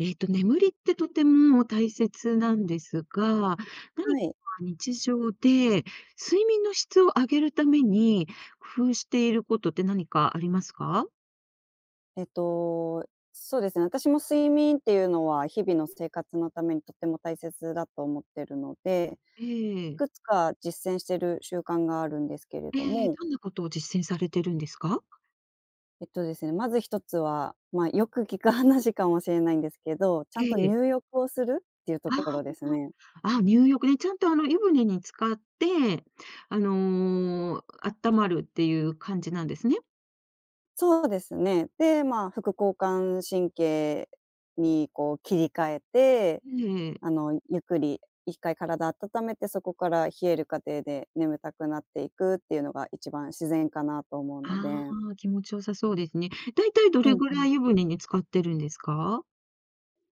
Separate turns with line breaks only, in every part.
ええと、眠りってとても大切なんですが、何
は
か
い。
日常で、睡眠の質を上げるために、工夫していることって何かありますか？
えっと、そうですね、私も睡眠っていうのは日々の生活のためにとっても大切だと思ってるので、
え
い
え。
くつか実践してる習慣があるんですけれ
え
ど
え、
も。
どんなことを実践されてるんですか？
えっとですね、まず1つは、まあ、よく聞く話かもしれないんですけど、ちゃん
え
と
え。
入浴をするっていうと
あ
ころですね。
あ。あ、入浴ね。ちゃんとあの湯船に浸かって、あの、あったまるっていう感じなんですね？
そうですね、で、まあ副交感神経にこう切り替えて、
ええ。
あの、ゆっくり1回体温めて、そこから冷える過程で眠たくなっていくっていうのが一番自然かなと思うの
あ
で。
あ、気持ち良さそうですね。大体ど
うん
れぐ
う
ら
ん
い湯
うん。
船に浸かってるんですか？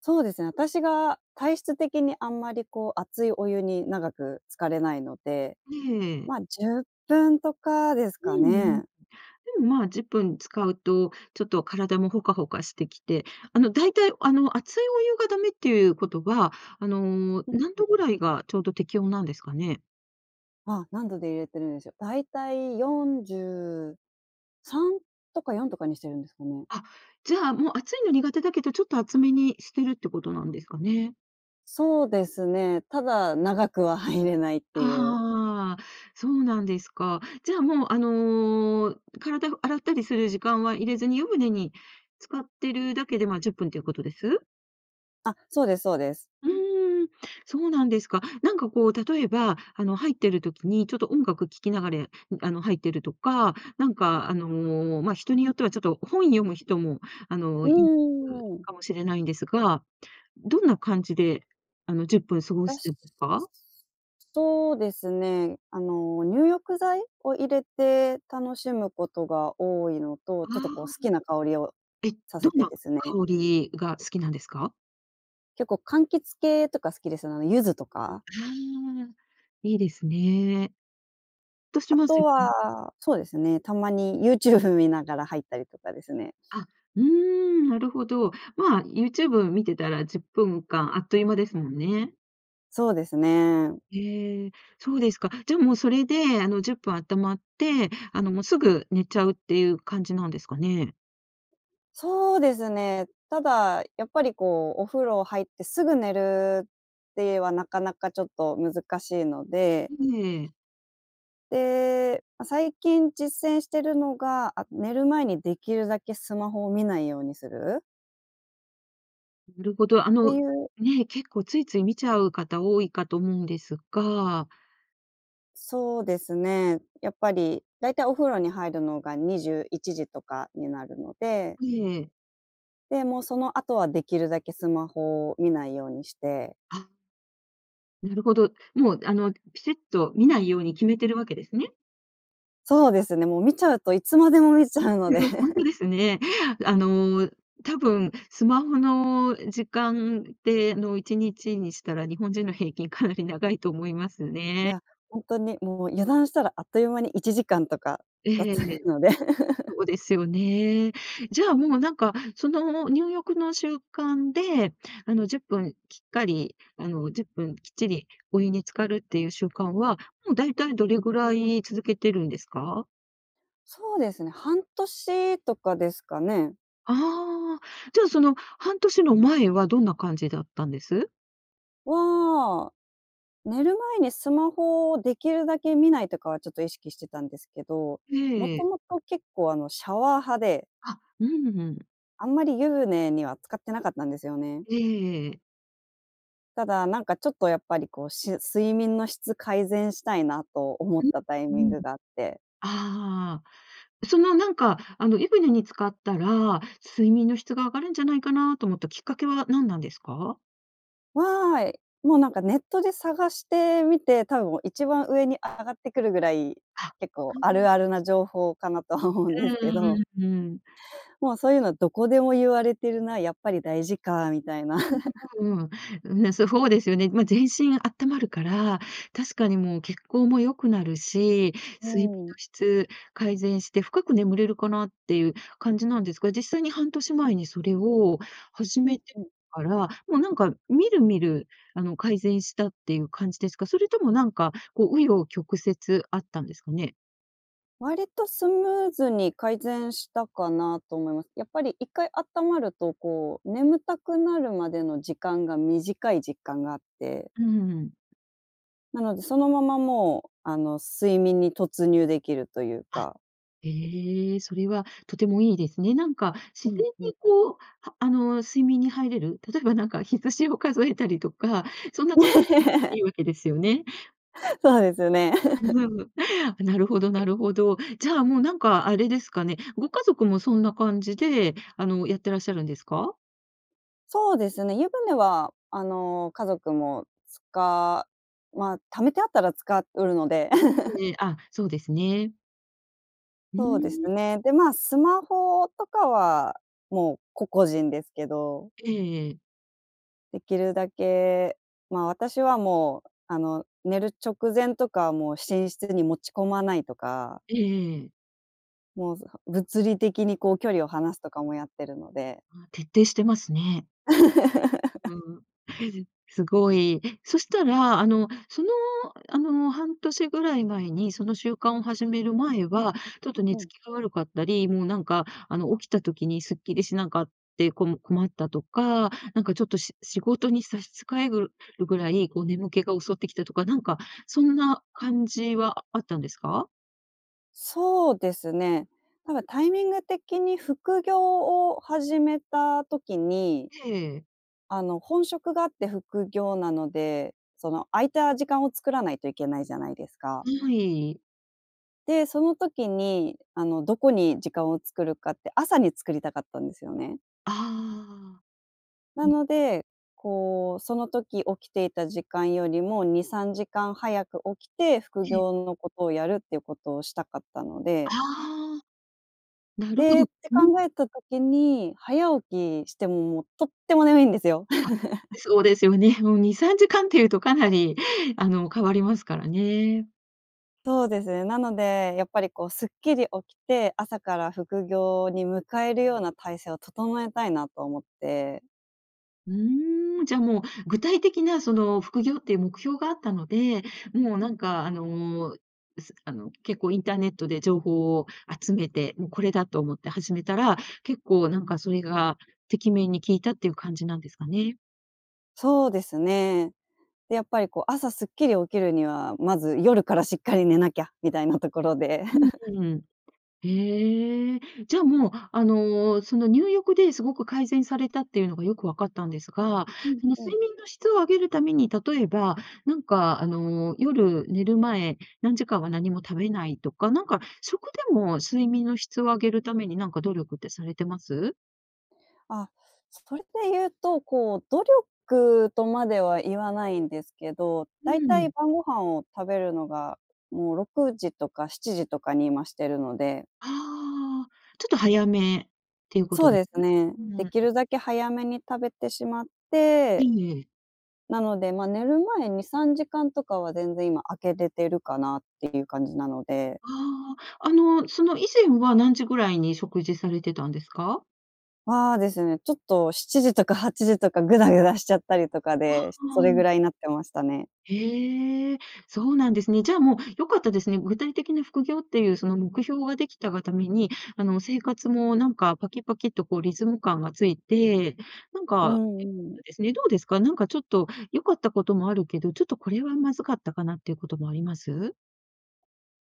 そうですね。私が体質的に、あんまりこう、熱いお湯に、長く浸かれないので。
ええ。
まあ、10分とかです
うん
か
うん。
ね。
でも、まあ、10分つかうと、ちょっと体もほかほかしてきて。あの、大体あの、熱いお湯が駄目っていうことは、あの、
うん
何
うん。
度ぐらいが、ちょうど適温なんですかね？
ああ、何度で入れてるんでしょ。大体43とか、4とかにしてるんですかね。
あ、じゃあもう、熱いの苦手だけど、ちょっと熱めにしてるってことなんですかね。
そうですね、ただ長くは入れないっていう。
ああ、そうなんですか。じゃあ、もう、あの、体を洗ったりする時間は入れずに、湯船に浸かってるだけで、まあ、10分っていうことです？
あ、そうですそうです。
うーん、そうなんですか。なんかこう、例えば、あの、入ってる時に、ちょっと音楽聴きながらやあの、入ってるとか、なんか、あの、まあ、人によっては、ちょっと本読む人も、あの、
う
いる
んうんうん。
かもしれないんですが、どんな感じで、あの、10分過ご
た
して
し
いますか？
そうですね。あの、入浴剤を入れて、楽しむことが多いのと。
ああ。
ちょっとこう、好きな香りを
え、
さ
ど
せ
ん
て
な
ですね。
香りが、好きなんですか？
結構柑橘系とか好きですね。あの柚子とか。
ああ、いいですね。っとし
あ
ます
と
よね。
はそうですね、たまに Youtube 見ながら入ったりとかですね。
あ、うーん、なるほど。まあ、YouTube 見てたら10分間あっという間ですもんね。
そうですね。
へえ、そうですか。じゃあ、もうそれで、あの10分温ったまって、あの、もうすぐ寝ちゃうっていう感じなんですかね。
そうですね。ただ、やっぱり、こうお風呂入って、すぐ寝るっていえは、なかなかちょっと難しいので
ええ。
で、ま、最近実践してるのが、あ、寝る前にできるだけスマホを見ないようにする。
なるほど。あ
って
の
いう
ね、結構ついつい見ちゃう方多いかと思うんですが
そうですね。やっぱり、だいたいお風呂に入るのが21時とかになるので
ええ。
で、もう、その後はできるだけスマホを見ないようにして。
あ。なるほど。もうあの、ピシッと見ないように決めてるわけですね？
そうですね。もう見ちゃうといつまでも見ちゃうの
ぺ
で。
ろすほんと ですね。あの、多分スマホの時間での1日にしたら、日本人の平均かなり長いと思います
い
ね。
や、ほんとにもう、油断したらあっという間に1時間とか
ええ、
経っ
へえ、
ちゃ
ええ。
くので。
そ うですよね。じゃあ、もうなんか、その、入浴の習慣で、あの、10分きっかり、あの、10分きっちりお湯に浸かるっていう習慣は、もう大体どれぐらい続けてるんですか？
そうですね、半年とかですかね。
ああ、じゃあ、その半年の前はどんな感じだったんです？
は、寝る前にスマホを出来るだけ見ないとかはちょっと意識してたんですけど、も
え
と
え。
もと結構あの、シャワー派で。
あ、うんうん。
あんまり湯船には浸かってなかったんですよね。
ええええ。
ただ、なんかちょっとやっぱりこう、し睡眠の質改善したいなと思っ
う
たタイ
ん、
ミン
うん。
グがあって。
ああ。そのなんか、あの、湯船に浸かったら、睡眠の質が上がるんじゃないかなと思ったきっかけは何なんですか？
わい、もうなんかネットで探してみて、多分、一番上に上がってくるぐらい、
あ、
結
う
構あ
ーん。
るあるな情報かなとは思うん
う
ですけど
んうんうん。
もうそういうのどこでも言われてるな、やっぱり大事かみたいな。
うん。うん、ね、そそうですよね。ま、全身あったまるから、確かにもう血行も良くなるし、
う
睡眠の
ん。
質改善して、深く眠れるかなっていう感じなんですが、実際に半年前にそれを始
うん
めて
うん。
から、もうなんか、みるみる、あの、改善したっていう感じですか？それともなんかこう紆余曲折あったんですかね？
割とスムーズに改善したかなと思います。やっぱり一回あったまるとこう、眠たくなるまでの時間が短い実感があって。
うん。
なので、そのままもう、あの睡眠に突入できるという
あ、
か。
へえ、それはとてもいいですね。なんか、
う
自
ん
然
うん。
にこう、はあの睡眠に入れる例えばなんか羊を数えたりとか、そんなこ いいわけですよね？
そうですね。
う ん。あ、なるほどなるほど。じゃあ、もうなんかあれですかね、ご家族もそんな感じで、あのやってらっしゃるんですか？
そうですね、湯船は、あの家族もつかま、溜めてあったら使うるので。
ん、ええ、あ、そうですね。う
そうです
ーん。
ね、で、ま、スマホとかはもう個々人ですけど。
ええええ。
出来るだけ、ま、私はもう、あの寝る直前とかはもう寝室に持ち込まないとか。
ええええ。
もうずは物理的にこう距離を離すとかもやってるので。
あ、徹底してますね。う ーん。すごい。そしたら、あの、その、あの、半年ぐらい前に、その習慣を始める前は、ちょっと寝
う
つ
ん。
きが悪かったり、もうなんか、あの、起きた時にすっきりしなかってこむ困ったとか、なんかちょっとし仕事に差し支えぐるぐらい、こう眠気が襲ってきたとか、なんかそんな感じはああったんですか？
そうですね、なんかタイミング的に副業を始めた時に
へえ。
あの、本職があって副業なので、その、空いた時間を作らないといけないじゃないですか。
はい。
で、その時に、あの、どこに時間を作るかって、朝に作りたかったんですよね。
ああ。
な
うん。
ので、こう、その時起きていた時間よりも、2、3時間早く起きて、副
ええ。
業のことをやるっていうことをしたかったので
ああ、なるほ
で、
ど。
って
うん。
考えた時に、早起きしても、もうとっても眠いんですよ。
あ。そうですよね。もう2、3時間っていうとかなり、あの変わりますからね。
そうですね。なのでやっぱり、こう、すっきり起きて、朝から副業に迎えるような体制を整えたいなと思って。
うーん。じゃ、もう、具体的なその副業っていう目標があったので、もうなんかあの、すあの、結構インターネットで情報を集めて、もう、これだと思って始めたら、結構なんかそれが敵面に効いたっていう感じなんですかね？
そうですね。で、やっぱりこう朝すっきり起きるには、まず夜からしっかり寝なきゃみたいなところで。
うん、ふん。へえ。じゃ、もう、あの、その入浴で凄く改善されたっていうのがよく分かったんですが、
うん
その
うん。
睡眠の質を上げるために、例えば、なんかあの、夜寝る前、何時間は何も食べないとか、なんか食でも睡眠の質を上げるためになんか努力ってされてます？
あ、それでいうと、こう、努力とまでは言わないんですけど、
う
大体
ん。
晩ご飯を食べるのが、もう6時とか7時とかに今してるので。
ああ、ちょっと早めっていうこと
そう
です？
ですね。
うーん、
出
う
来
ん。
るだけ早めに食べてしまっ
い
て、
い、ええ。
なので、ま、寝る前2、3時間とかは全然今空けてるかなっていう感じなので。
ああ、あの、その、以前は何時ぐらいに食事されてたんですか？
は、ですね、ちょっと7時とか8時とかグダグダしちゃったりとか
わ、
で、し
あ、
そ
う
れぐ
ん。
らいなってましたね。
へえ、そうなんですね。じゃあもう、良かったですね。具体的な副業っていう、その目標が出来たがために、あの、生活もなんかパキパキッとこうリズム感がついて、なん
う
か、えっ
んうん。
とですね。どうですか？なんかちょっと良かったこともあるけど、ちょっとこれはまずかったかなっていうこともあります？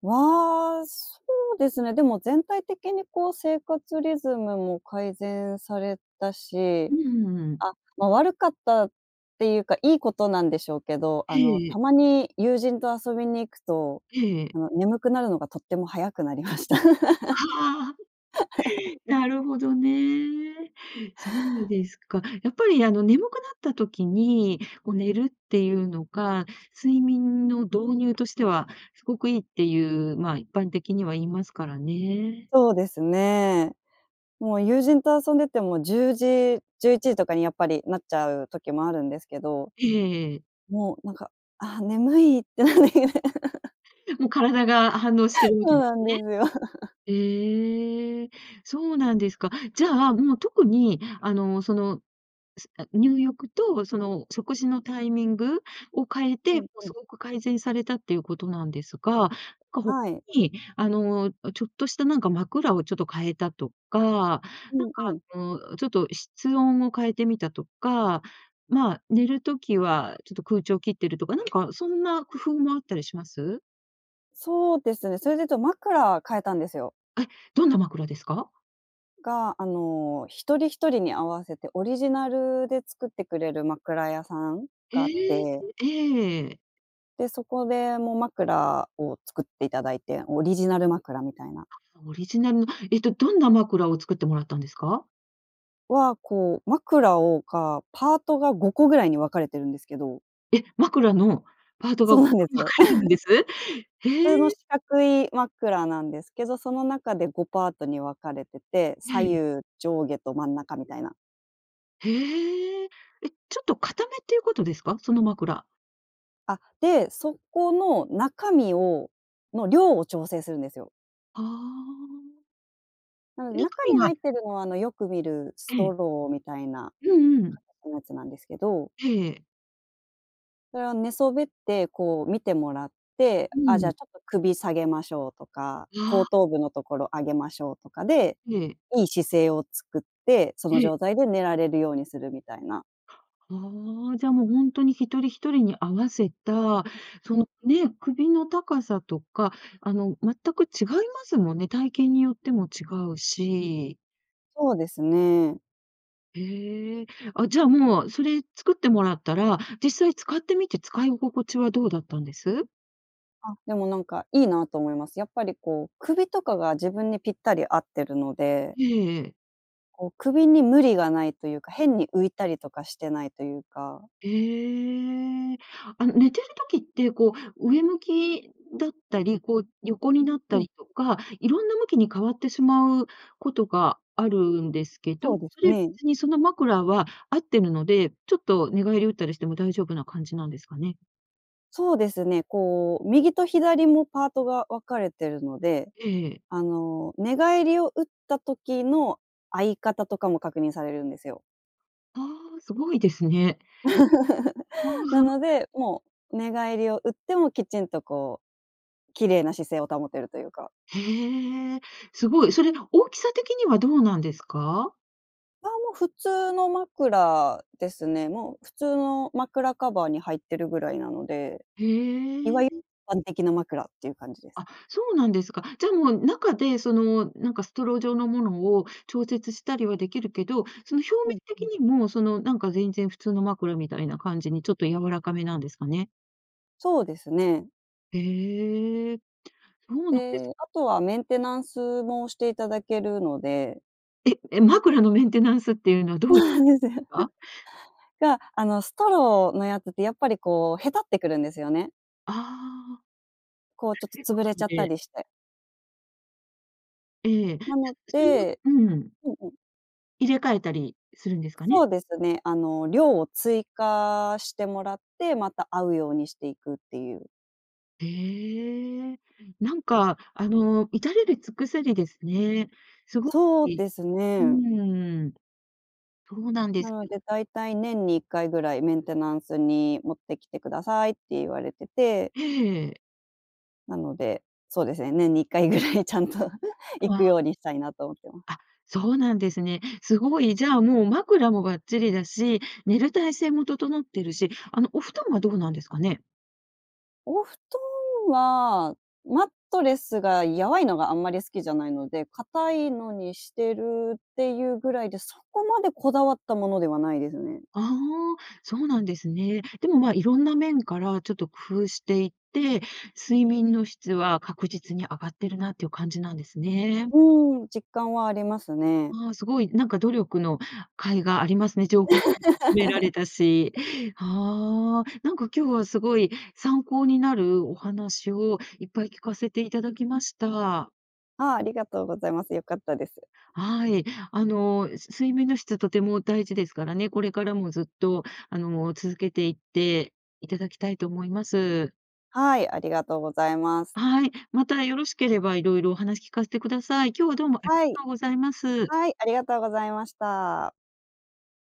は、そうですね、でも全体的にこう生活リズムも改善されたし、
うんうんうんうん。
あ、ま、悪かったっていうか、いいことなんでしょうけど、あ
へ
の、
え、ええ。
たまに友人と遊びに行くと、
へえ。
あの、眠くなるのがとっても早くなりました。
はあ、なるほどね。そうですか。やっぱりあの眠くなった時に、こう寝るっていうのが、睡眠の導入としては、すごくいいっていう、ま、一般的には言いますからね。
そうですね。もう友人と遊んでても10時、11時とかにやっぱりなっちゃう時もあるんですけど。
ええええ。
もうなんか「あ、眠い」って、なんねげね
もう体が反応してる わけ
そう
で
な
す
ん
ね。
ですよ。
へえ、そうなんですか。じゃあ、もう特に、あの、その、すあ、入浴と、その食事のタイミングを変え
う
て、も
ん
う
うん。
凄く改善されたっていうことなんですが、かほ
はい。
に、あの、あ、ちょっとしたなんか枕をちょっと変えたとか、なんか
うんうん。
あの、ちょっと室温を変えてみたとか、ま、寝る時はちょっと空調切ってるとか、なんかそんな工夫もあったりします？
そうですよね。それで言うと枕変えたんですよ。
え、どんな枕ですか？
が、あの、1人1人に合わせてオリジナルで作ってくれる枕屋さん
え
があっ
え、-
て。
ええええ。
で、そこで、もう枕を作っていただいて、オリジナル枕みたいな。
あ、オリジナルのえっと、どんな枕を作ってもらったんですか？
は、こう枕を、かパートが5個ぐらいに分かれてるんですけど。
え、枕のパート
そ
が
う
分か
なんですよ。
れてるんです？
普通
へ
の
え。
四角い枕なんですけど、その中で5パートに分かれてて、
は
左
い。
右上下と真ん中みたいな。
へえ。え、ちょっと硬めっていうことですか？その枕。
あ、で、そこの中身をの量を調整するんですよ。
はあ。
う
え、
ん。
中
中
身
に
は
入ってるのは、あの、よく見るス
え
ト
え。
ローみたいな
うんうん。
硬さのやつなんですけど。
ええ。
それを寝そべって、こう、見てもらって、
う
あ、じ
ん。
ゃ、ちょっと首下げましょうとか、
あ
後頭
あ。
部のところ上げましょうとかで、
ええ。
いい姿勢を作って、その
ええ。
状態で寝られるようにするみたいな。
ああ。じゃあ、もうほんとに1人1人に合わせたそ
う、
の
ん。
ね、首の高さとか、あの全く違いますもんね、体型によっても違うし。
そうですね。
へえ。あ、じゃあ、もう、それ作ってもらったら、実際使ってみて、使い心地はどうだったんです？
あ、でもなんかいいなと思います。やっぱりこう、首とかが自分にぴったり合ってるので
へえ、ええ。
こう首に無理がないというか、変に浮いたりとかしてないというか。
へえ。あの寝てる時って、こう、上向きだったり、こう横になった
うん。
りとか、色んな向きに変わってしまうことがあるんですけど、
そうで
そ
す
れ
ね。
別にその枕は合ってるので、ちょっと寝返りを打ったりしても大丈夫な感じなんですかね？
そうですね、こう右と左もパートが分かれてるので、
ええ。
あの、寝返りを打った時の合い方とかも確認されるんですよ。
ああ、凄いですね。わ
なの
あ。
で、もう寝返りを打ってもきちんとこう、綺麗な姿勢を保てるというか。
へえ、すごい。それ、大きさ的にはどうなんですか？
あ、もう普通の枕ですね。もう普通の枕カバーに入ってるぐらいなので、
へ
いわゆ
え。
一般的な枕っていう感じです。
あ、そうなんですか。じゃあもう中で、その、なんかストロー状のものを調節したりは出来るけど、その表
う
面
ん
的
うん。
にも、そのなんか全然普通の枕みたいな感じにちょっと柔らかめなんですかね？
そうですね。
へえ、そうなんです
で、あとはメンテナンスもしていただけるので。
え、え、枕のメンテナンスっていうのはど
そ
う
う
い
なんですよ。
わ？
が、あのストローのやつってやっぱりこう、へたってくるんですよね。
ああ。
こう、ちょっと
チック
潰れ
な
ち
の
ゃった
で。
りして。
ええ、じゃ、
なの
それは
で
うん。
うんうん。
入れ替えたりするんですかね？
そうですね。あの量を追加してもらって、また合うようにしていくっていう。
へえ、なんかあの、至れり尽くせりですね。凄
そう
い
です
う
ね。
ーん。そうなんで
な
すか。
ので、大体年に1回ぐらい「メンテナンスに持ってきてください」って言われてて。
ええ。
なので、そうですね、年に1回ぐらいちゃんと行
あ
く
あ。
ようにしたいなと思ってま。
あ、そうなんですね。すごい、じゃあ、もう枕もばっちりだし、寝る体勢も整ってるし、あの、お布団はどうなんですかね？
お布団は、マットレスが柔いのがあんまり好きじゃないので、硬いのにしてるっていうぐらいで、そこまでこだわったものではないですね。
ああ、そうなんですね。でも、まあ、色んな面からちょっと工夫していって、睡眠の質は確実に上がってるなっていう感じなんですね。
うん。実感はありますね。
ああ、凄いなんか努力の甲斐がありますね、情報も集められたし。はあ。なんか今日は凄い参考になるお話をいっぱい聞かせて頂きました。
ああ、ありがとうございます、よかったです。
はい。あのす睡眠の質はとても大事ですからね。これからもずっと、あの、続けていっていただきたいと思います。
はい、ありがとうございます。
はい。またよろしければ、色々お話聞かせてください。今日はどうもあり
は
が
い。
とうございます。
はい、ありがとうございました。